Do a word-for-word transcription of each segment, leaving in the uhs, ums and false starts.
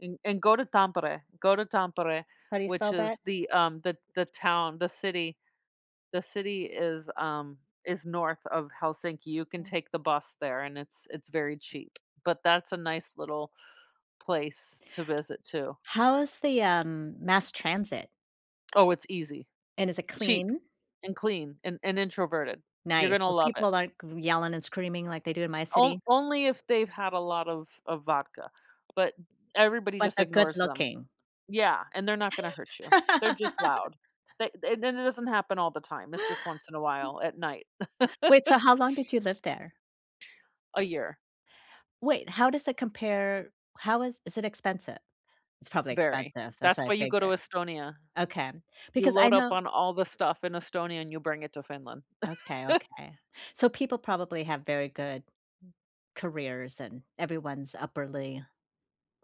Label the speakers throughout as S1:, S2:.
S1: And and go to Tampere, go to Tampere,
S2: How do you spell
S1: which
S2: that?
S1: is the, um, the the town, the city the city is, um, is north of Helsinki, you can take the bus there and it's it's very cheap, but that's a nice little place to visit too.
S2: How's the, um, mass transit?
S1: Oh, it's easy,
S2: And is it
S1: cheap
S2: clean?
S1: and clean and and introverted, you're
S2: Nice,
S1: gonna
S2: so
S1: love it.
S2: people aren't c yelling and screaming like they do in my
S1: On
S2: city?
S1: only if they've had a lot of of vodka, but everybody
S2: But
S1: just
S2: they're good
S1: ignores them.
S2: looking.
S1: Yeah. And they're not gonna hurt you, they're just loud. They and then it doesn't happen all the time, it's just once in a while, at night.
S2: Wait, so how long did you live there?
S1: A year.
S2: Wait, how does it compare? How is is it expensive? It's probably
S1: Very.
S2: expensive that's
S1: That's
S2: what I
S1: why you go to
S2: figured.
S1: Estonia.
S2: Okay,
S1: You
S2: because I
S1: load up
S2: know
S1: on all the stuff in Estonia and you bring it to Finland.
S2: Okay, okay. So, people probably have very good m careers and everyone's upperly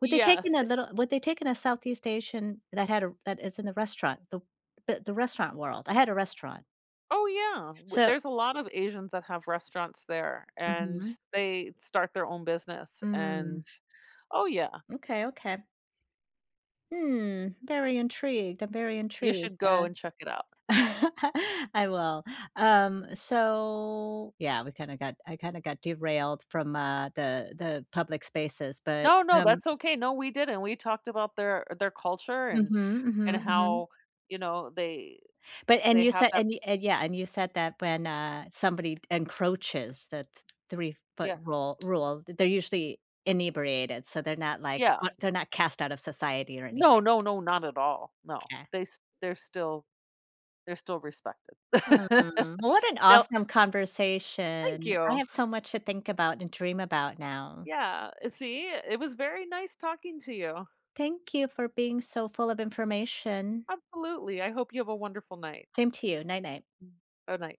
S2: Would they take in
S1: Yes,
S2: a
S1: uh
S2: little would they take in a Southeast Asian that had a that is in the restaurant the b the restaurant world? I had a restaurant.
S1: Oh yeah! Well
S2: So
S1: there's a lot of Asians that have restaurants there and
S2: Mhm.
S1: they start their own business
S2: Mm.
S1: and oh yeah!
S2: M'kay, okay. Hmm, very intrigued, I'm very
S1: You
S2: intrigued,
S1: should
S2: uh
S1: go and check it out.
S2: I will, um, so, yeah, we kind of got I kind of got derailed from, uh, the the public spaces, but
S1: No, no,
S2: hum
S1: that's okay, no, we didn't, we talked about their their culture and
S2: Mhm,
S1: and
S2: mhm, mhm.
S1: how, you know, they
S2: But and
S1: they
S2: you
S1: have
S2: said
S1: that
S2: and y and, yeah, and you said that when, uh, somebody encroaches that three foot
S1: Yeah.
S2: rule rule, th they're usually inebriated, so they're not, like
S1: Yeah.
S2: they're not cast out of society or
S1: No,
S2: anything.
S1: no, no, not at all. No,
S2: 'Kay.
S1: they they're still they're still respected.
S2: Hmm, well what an
S1: They'll
S2: awesome
S1: Thank
S2: conversation. I
S1: you!
S2: have so much to think about and dream about now.
S1: Yeah. See? It was very nice talking to you.
S2: Thank you for being so full of information.
S1: Absolutely. I hope you have a wonderful night.
S2: Same to you, night night.
S1: Bye-bye.